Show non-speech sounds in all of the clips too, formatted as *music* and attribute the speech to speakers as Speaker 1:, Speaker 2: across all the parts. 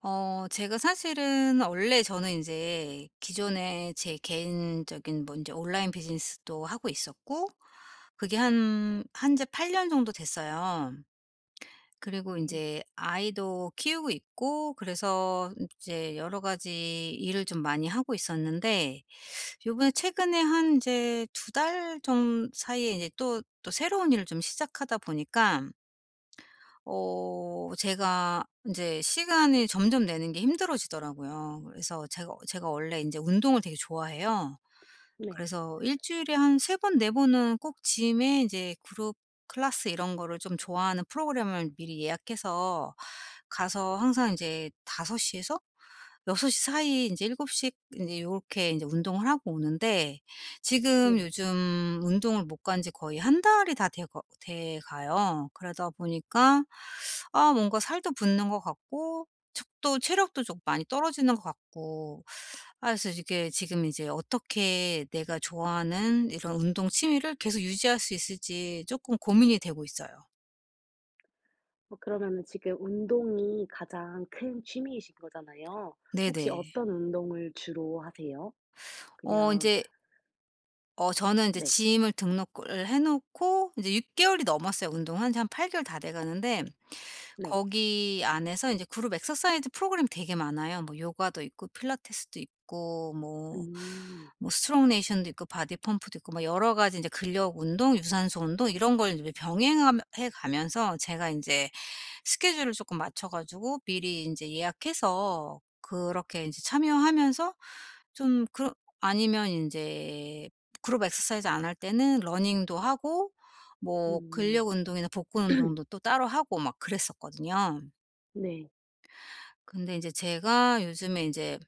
Speaker 1: 어 제가 사실은 원래 저는 인제 기존에 제 개인적인 뭐 인제 온라인 비즈니스도 하고 있었고 그게 한 한 지 8 년 정도 됐어요. 그리고
Speaker 2: 네.
Speaker 1: 인제 아이도 키우고 있고 그래서 이제 여러 가지 일을 좀 많이 하고 있었는데 요번에 최근에 한 이제 2 달 좀 사이에 이제 또, 또 새로운 일을 좀 시작하다 보니까 어 제가 인제 시간이 점점 내는 게 힘들어지더라고요. 그래서 제가 제가 원래 인제 운동을 되게 좋아해요.
Speaker 2: 네.
Speaker 1: 그래서 일주일에 한 3 번, 4 번은 꼭 짐에 인제 그룹 클래스 이런 거를 좀 좋아하는 프로그램을 미리 예약해서 가서 항상 인제 5 시에서 6 시 사이에 인제 7 시 인제 요렇게 인제 운동을 하고 오는데 지금
Speaker 2: 네.
Speaker 1: 요즘 운동을 못 간 지 거의 1 달이 다 돼 거 돼 가요. 그러다 보니까 아 뭔가 살도 붙는 것 같고 척 또 체력도 좀 많이 떨어지는 것 같고. 아 그래서 이게 지금 이제 어떻게 내가 좋아하는 이런 운동 취미를 계속 유지할 수 있을지 쪼끔 고민이 되고 있어요.
Speaker 2: 어 그러면은 지금 운동이 가장 큰 취미이신 거잖아요. 혹시
Speaker 1: 네네.
Speaker 2: 어떤 운동을 주로 하세요?
Speaker 1: 어
Speaker 2: 그냥
Speaker 1: 인제 어 저는 인제
Speaker 2: 네.
Speaker 1: 짐을 등록을 해 놓고 이제 6 개월이 넘었어요. 운동한지 한 8 개월 다 돼 가는데
Speaker 2: 네.
Speaker 1: 거기 안에서 인제 그룹 엑서사이즈 프로그램 되게 많아요. 뭐 요가도 있고 필라테스도 있고 뭐
Speaker 2: 음.
Speaker 1: 뭐 스트롱네이션도 있고 바디 펌프도 있고 뭐 여러 가지 인제 근력 운동, 유산소 운동 이런 걸 인제 병행하 해 가면서 제가 인제 스케줄을 쪼끔 맞춰 가지고 미리 인제 예약해서 그렇게 인제 참여하면서 좀 그 아니면 인제 그룹 엑서사이즈 안 할 때는 러닝도 하고 뭐
Speaker 2: 음.
Speaker 1: 근력 운동이나 복근
Speaker 2: *clears throat*
Speaker 1: 운동도 또 따로 하고 막 그랬었거든요.
Speaker 2: 네.
Speaker 1: 근데 인제 제가 요즘에 인제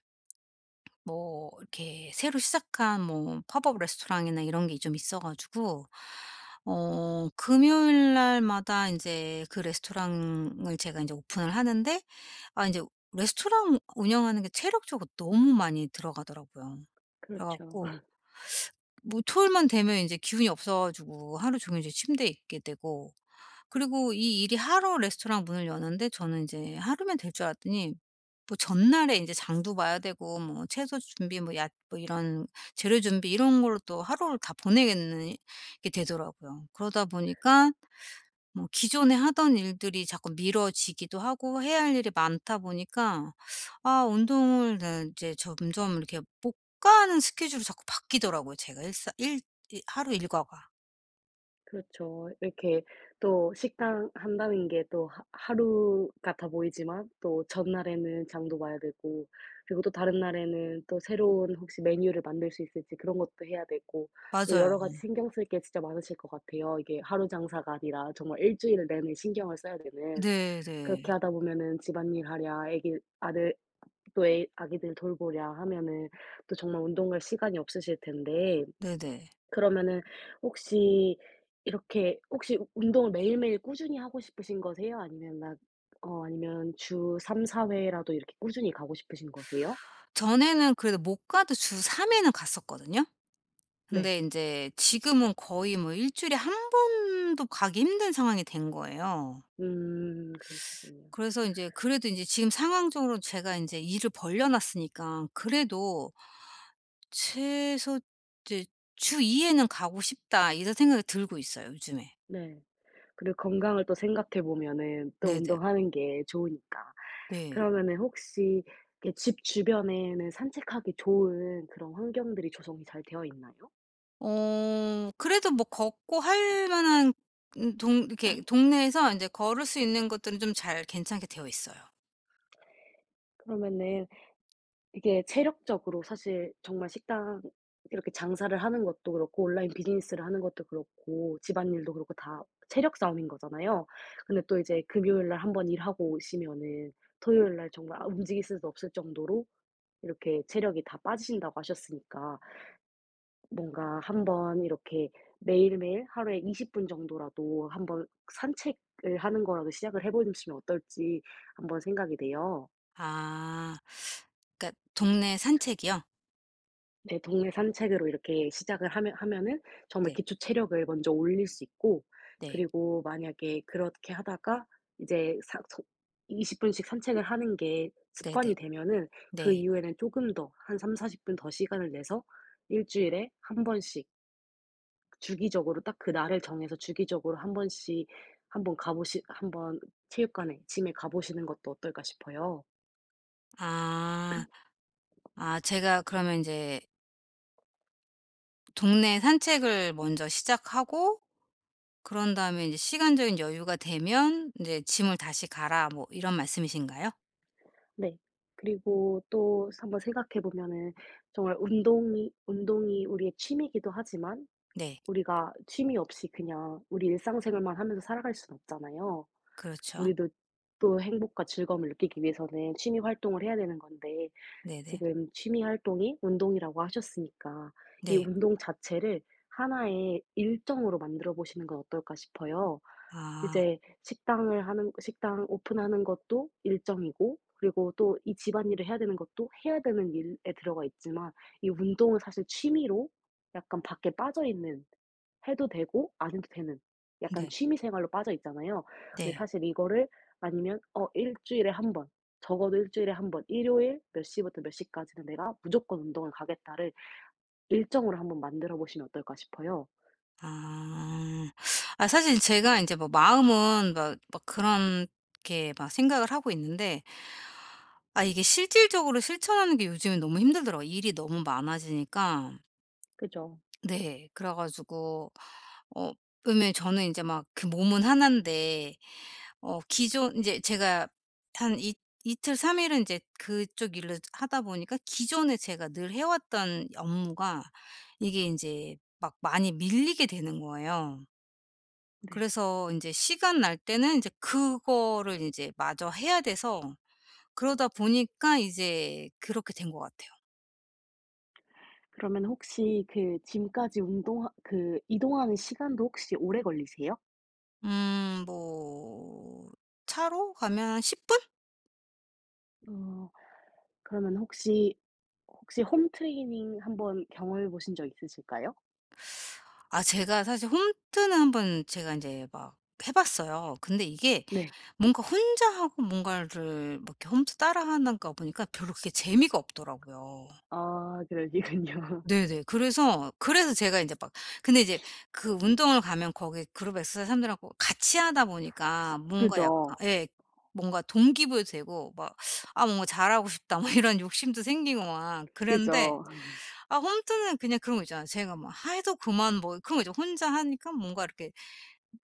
Speaker 1: 뭐 이렇게 새로 시작한 뭐 팝업 레스토랑이나 이런 게 좀 있어 가지고 어 금요일 날마다 인제 그 레스토랑을 제가 인제 오픈을 하는데 아 인제 레스토랑 운영하는 게 체력적으로 너무 많이 들어가더라고요. 그래
Speaker 2: 그렇죠.
Speaker 1: 갖고
Speaker 2: *laughs*
Speaker 1: *sucks teeth* 뭐 토요일만 되면 인제 기운이 없어 가지고 하루 종일 인제 침대에 있게 되고 그리고 이 일이 하루 레스토랑 문을 여는데 저는 인제 하루면 될 줄 알았더니 뭐 전날에 인제 장도 봐야 되고 뭐 채소 준비 뭐 야 뭐 이런 재료 준비 이런 걸로 또 하루를 다 보내겠는 게 되더라고요. 그러다 보니까 뭐 기존에 하던 일들이 자꾸 미뤄지기도 하고 해야 할 일이 많다 보니까 아 운동을 네 이제 점점 이렇게 못 가는 스케줄이 자꾸 바뀌더라고요. 제가 일사 일 일 하루 일과가.
Speaker 2: 그렇죠. 이렇게 또 식당 한다는 게 또 하 하루 같아 보이지만 또 전날에는 장도 봐야 되고 그리고 또 다른 날에는 또 새로운 혹시 메뉴를 만들 수 있을지 그런 것도 해야 되고 또
Speaker 1: 맞아요.
Speaker 2: 여러가지
Speaker 1: 오늘
Speaker 2: 신경 쓸 게 진짜 많으실 것 같아요, 이게 하루 장사가 아니라 정말 일주일 내내 신경을 써야 되는.
Speaker 1: 네네.
Speaker 2: 그렇게 하다 보면은 집안일 하랴 아기 아들 또 애 아기들 돌보랴 하면은 또 정말 운동 갈 시간이 없으실 텐데
Speaker 1: 네네.
Speaker 2: 그러면은 혹시 이렇게 혹시 운동을 매일매일 꾸준히 하고 싶으신 거세요? 아니면 난 어 아니면 주 3-4 회라도 이렇게 꾸준히 가고 싶으신 거세요?
Speaker 1: 전에는 그래도 못 가도 주 3 회는 갔었거든요.
Speaker 2: 네.
Speaker 1: 근데 인제 지금은 거의 뭐 일주일에 1 번도 가기 힘든 상황이 된 거예요.
Speaker 2: 음. 그러시군요.
Speaker 1: 그래서 인제 그래도 인제 지금 상황적으로 제가 인제 일을 벌려 놨으니까 그래도 '최소 이제 주 2 회는 가고 싶다.' 이런 생각이 들고 있어요, 요즘에.
Speaker 2: 네. 그리고 건강을 또 생각해 보면은 또
Speaker 1: 네네.
Speaker 2: 운동하는 게 좋으니까.
Speaker 1: 네.
Speaker 2: 그러면은 혹시 이렇게 집 주변에는 산책하기 좋은 그런 환경들이 조성이 잘 되어있나요?
Speaker 1: 어. 그래도 뭐 걷고 할 만한 은 동
Speaker 2: *swallows*
Speaker 1: 이렇게
Speaker 2: *clears throat*
Speaker 1: 동네에서 인제 걸을 수 있는 것들은 좀 잘 괜찮게 되어 있어요.
Speaker 2: 그러면은 이게 체력적으로 사실 정말 식당 이렇게 장사를 하는 것도 그렇고 온라인 비즈니스를 하는 것도 그렇고 집안일도 그렇고 다 체력 싸움인 거잖아요. 근데 또 이제 금요일 날 1 번 일하고 오시면은 토요일 날 정말 아 움직일 수도 없을 정도로 이렇게 체력이 다 빠지신다고 하셨으니까 뭔가 한번 이렇게 매일매일 하루에 20 분 정도라도 한번 '산책을 하는 거라도 시작을 해 보시면 어떨지?' 한번 생각이 돼요.
Speaker 1: 아. *sucks teeth* 그러니까 동네 산책이요?
Speaker 2: 네. 동네 산책으로 이렇게 시작을 하면 하면은 정말
Speaker 1: 네.
Speaker 2: 기초 체력을 먼저 올릴 수 있고
Speaker 1: 네.
Speaker 2: 그리고 만약에 그렇게 하다가 이제 사 서 20 분씩 산책을 하는 게
Speaker 1: 네네.
Speaker 2: 습관이 되면은 그
Speaker 1: 네.
Speaker 2: 이후에는 쪼금 더 한 30-40 분 더 시간을 내서 1 주일에 1 번씩 주기적으로 딱 그날을 정해서 주기적으로 1 번씩 한번 가 보시 한번 '체육관에 짐에 가 보시는 것도 어떨까?' 싶어요.
Speaker 1: 아. 아 제가
Speaker 2: *clears throat*
Speaker 1: 그러면 인제 "동네 산책을 먼저 시작하고 그런 다음에 인제 시간적인 여유가 되면 인제 짐을 다시 가라." 뭐 이런 말씀이신가요?
Speaker 2: 네. 그리고 또 한번 생각해 보면은 정말 운동이 운동이 우리의 취미기도 하지만
Speaker 1: 네.
Speaker 2: 우리가 취미 없이 그냥 우리 일상 생활만 하면서 살아갈 수는 없잖아요.
Speaker 1: 그렇죠.
Speaker 2: 우리도 또 행복과 즐거움을 느끼기 위해서는 취미 활동을 해야 되는 건데.
Speaker 1: 네네.
Speaker 2: 지금 취미 활동이 운동이라고 하셨으니까 '이
Speaker 1: 네.
Speaker 2: 운동 자체를 1 의 일정으로 만들어보시는 건 어떨까?' 싶어요.
Speaker 1: 아.
Speaker 2: 이제 식당을 하는 식당을 오픈하는 것도 일정이고 그리고 또 이 집안일을 해야 되는 것도 해야 되는 일에 들어가 있지만 이 운동은 사실 취미로 약간 밖에 빠져있는, 해도 되고 안 해도 되는 약간
Speaker 1: 네.
Speaker 2: 취미 생활로 빠져 있잖아요. 근데
Speaker 1: 네.
Speaker 2: 사실 이거를 아니면 어 '1 주일에 1 번, 적어도 1 주일에 1 번 일요일 몇 시부터 몇 시까지는 내가 무조건 운동을 가겠다.'를 일정으로 1 번 만들어 보시면 어떨까 싶어요.
Speaker 1: 아. 아 사실 제가 인제 뭐 마음은 막 막 그런 게 막 생각을 하고 있는데 아 이게 실질적으로 실천하는 게 요즘에 너무 힘들더라고, 일이 너무 많아지니까
Speaker 2: 그죠.
Speaker 1: 네. 그래 가지고 어 그러면 저는 인제 막 그 몸은 1 인데 어 기존 이제 제가 한 이 이틀, 3 일은 인제 그쪽 일을 하다 보니까 기존에 제가 늘 해 왔던 업무가 이게 인제 막 많이 밀리게 되는 거예요.
Speaker 2: 네.
Speaker 1: 그래서 인제 시간 날 때는 인제 그거를 인제 마저 해야 돼서 그러다 보니까 이제 그렇게 된 것 같아요.
Speaker 2: 그러면 혹시 그 짐까지 운동하 그 이동하는 시간도 혹시 오래 걸리세요?
Speaker 1: 음 뭐 차로 가면 한 10 분?
Speaker 2: 어. 그러면 혹시 혹시 홈 트레이닝 한번 경험해 보신 적 있으실까요?
Speaker 1: 아 제가 사실 홈트는 한번 제가 인제 막 해 봤어요. 근데 이게
Speaker 2: 네.
Speaker 1: 뭔가 혼자하고 뭔가를 막 이렇게 홈트 따라 하는 것 보니까 별로 그렇게 재미가 없더라고요.
Speaker 2: 아 그러시군요.
Speaker 1: 네네 그래서 그래서 제가 인제 막 근데 이제
Speaker 2: *sniffs*
Speaker 1: 그 운동을 가면 거기 그룹에 쓰 사람들하고 같이하다 보니까 뭔가 약간
Speaker 2: 그죠.
Speaker 1: 예 뭔가 동기 부여도 되고 막 '아 뭔가 잘하고 싶다.' 뭐 이런 욕심도 생기고 막 그랬는데
Speaker 2: 그죠. *laughs*
Speaker 1: 아 홈트는 그냥 그런 것 있잖아요. 제가 막 해도 그만 뭐 그런 거 있죠. 혼자 하니까 뭔가 이렇게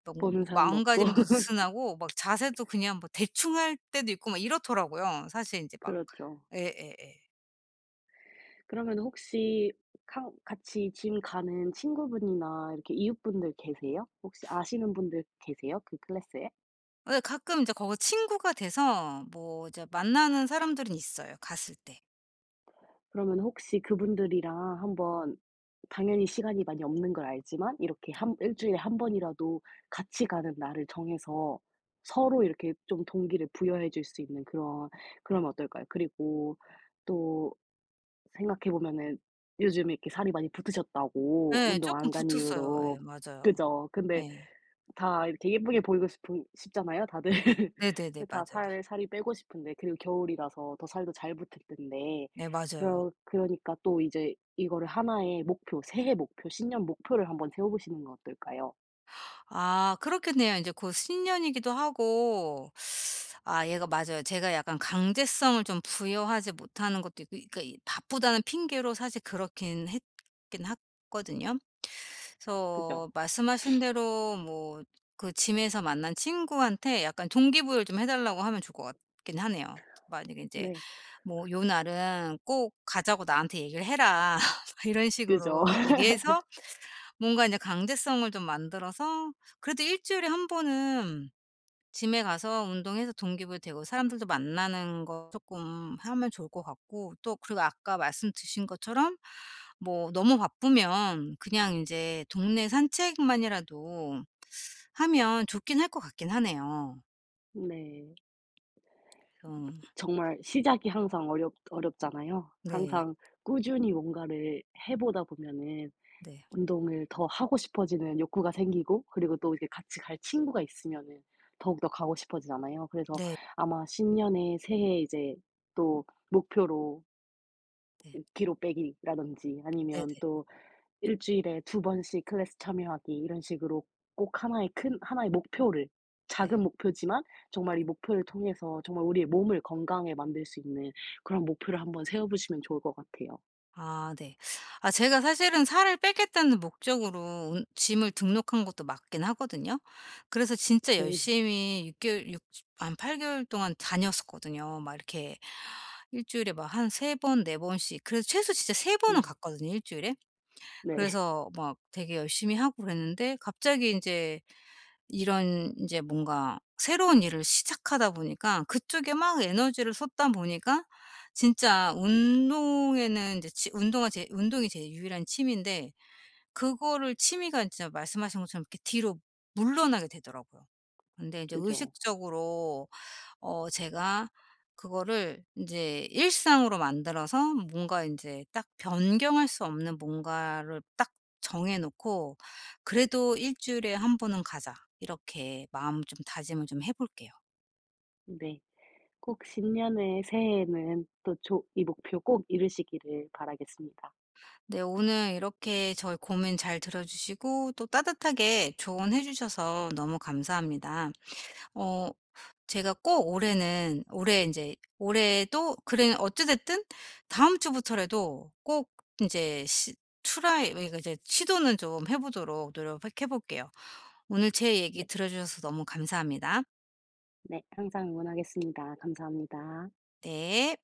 Speaker 1: 뭐 뭐
Speaker 2: 보는
Speaker 1: 뭐
Speaker 2: 사람도 없고.
Speaker 1: 마음가짐도 느슨하고
Speaker 2: *laughs*
Speaker 1: 막 자세도 그냥 뭐 대충 할 때도 있고 막 이렇더라고요. 사실 인제 막
Speaker 2: 그렇죠.
Speaker 1: 예예예.
Speaker 2: 그러면은 혹시 카 같이 짐 가는 친구분이나 이렇게 이웃분들 계세요? 혹시 아시는 분들 계세요? 그 클래스에?
Speaker 1: 예. 가끔 인제 거기 친구가 돼서 뭐 이제 만나는 사람들은 있어요, 갔을 때.
Speaker 2: 그러면 혹시 그분들이랑 한번 당연히 시간이 많이 없는 걸 알지만 이렇게
Speaker 1: 네.
Speaker 2: 한 1 주일에 1 번이라도 같이 가는 날을 정해서 서로 이렇게 좀 동기를 부여해 줄 수 있는 그런 그러면 어떨까요? 그리고 또 생각해 보면은 요즘에 이렇게 살이 많이 붙으셨다고,
Speaker 1: 예.
Speaker 2: 운동
Speaker 1: 쪼끔
Speaker 2: 안 간
Speaker 1: 붙었어요.
Speaker 2: 이후로.
Speaker 1: 예 맞아요.
Speaker 2: 그죠? 근데
Speaker 1: 예.
Speaker 2: 다 이렇게 예쁘게 보이고 싶은 싶잖아요, 다들. *laughs*
Speaker 1: 네네네
Speaker 2: 다
Speaker 1: 맞아요.
Speaker 2: 살 살이 빼고 싶은데 그리고 겨울이라서 더 살도 잘 붙을 텐데
Speaker 1: 네 맞아요.
Speaker 2: 그러 그러니까 또 이제 이거를 1 의 목표, 새해 목표, 신년 목표를 한번 세워보시는 건 어떨까요?
Speaker 1: 아 그렇겠네요. 인제 곧 신년이기도 하고 *sucks teeth* 아 얘가 맞아요. 제가 약간 강제성을 좀 부여하지 못하는 것도 있고 그니까 이 바쁘다는 핑계로 사실 그렇긴 했긴 했거든요.
Speaker 2: 그죠.
Speaker 1: 그래서 말씀하신
Speaker 2: *sniffs*
Speaker 1: 대로 뭐 그 짐에서 만난 친구한테 약간 동기부여를 좀 해 달라고 하면 좋을 것 같긴 하네요. 만약에 인제
Speaker 2: 네.
Speaker 1: 뭐 "요 날은 꼭 가자고 나한테 얘기를 해라." *laughs* 막 이런
Speaker 2: 그죠.
Speaker 1: 식으로 얘기해서
Speaker 2: *laughs*
Speaker 1: 뭔가 인제 강제성을 좀 만들어서 그래도 일주일에 1 번은 짐에 가서 운동해서 동기 부여되고 사람들도 만나는 거 쪼끔 하면 좋을 것 같고 또 그리고 아까 말씀 드신 것처럼 뭐 너무 바쁘면 그냥 인제 동네 산책만이라도 하면 좋긴 할 것 같긴 하네요.
Speaker 2: 네.
Speaker 1: 좀
Speaker 2: 정말 시작이 항상 어렵 어렵잖아요.
Speaker 1: 네.
Speaker 2: 항상 꾸준히 뭔가를 해 보다 보면은
Speaker 1: 네.
Speaker 2: 운동을 더 하고 싶어지는 욕구가 생기고 그리고 또 이렇게 같이 갈 친구가 있으면은 더욱더 가고 싶어지잖아요. 그래서
Speaker 1: 네.
Speaker 2: 아마 신년에 새해에 이제 또 목표로
Speaker 1: 네.
Speaker 2: '5 키로 빼기.'라든지 아니면
Speaker 1: 네네.
Speaker 2: 또 '1 주일에 2 번씩 클래스 참여하기.' 이런 식으로 꼭 1 의 큰 1 의 목표를
Speaker 1: 네.
Speaker 2: 작은 목표지만 정말 이 목표를 통해서 정말 우리의 몸을 건강하게 만들 수 있는 그런 목표를 한번 세워보시면 좋을 것 같아요.
Speaker 1: 아 네. 아 제가 사실은 '살을 빼겠다.'는 목적으로 운 짐을 등록한 것도 맞긴 하거든요. 그래서 진짜
Speaker 2: 그
Speaker 1: 열심히 6 개월 6 한 8 개월 동안 다녔었거든요. 막 이렇게 1 주일에 막 한 3 번, 4 번씩 그래서 최소 진짜 3 번은
Speaker 2: 네.
Speaker 1: 갔거든요, 1 주일에.
Speaker 2: 네.
Speaker 1: 그래서 막 되게 열심히 하고 그랬는데 갑자기 인제 이런 인제 뭔가 새로운 일을 시작하다 보니까 그쪽에 막 에너지를 쏟다 보니까 진짜 운동에는 인제 치 운동하 제 운동이 제 유일한 취미인데 그거를 취미가 진짜 말씀하신 것처럼 이렇게 뒤로
Speaker 2: *sniffs*
Speaker 1: 물러나게 되더라고요. 근데 이제
Speaker 2: 그죠.
Speaker 1: 의식적으로 어 제가 그거를 인제 일상으로 만들어서 뭔가 인제 딱 변경할 수 없는 뭔가를 딱 정해 놓고 '그래도 1 주일에 1 번은 가자.' 이렇게 마음 좀 다짐을 좀 해 볼게요.
Speaker 2: 네. 꼭 신년의 새해에는 또 좋 이 목표 꼭 이루시기를 바라겠습니다.
Speaker 1: 네. 오늘 이렇게 저의 고민 잘 들어 주시고 또 따뜻하게 조언해 주셔서 너무 감사합니다. 어 제가 꼭 올해는 올해 인제 올해도 그래 어찌 됐든 다음 주부터라도 꼭 인제 시 트라이 왜 이거 이제 시도는 좀 해 보도록 노력을 꼭 해 볼게요. 오늘 제 얘기
Speaker 2: 네.
Speaker 1: 들어주셔서 너무 감사합니다.
Speaker 2: 네. 항상 응원하겠습니다. 감사합니다.
Speaker 1: 네.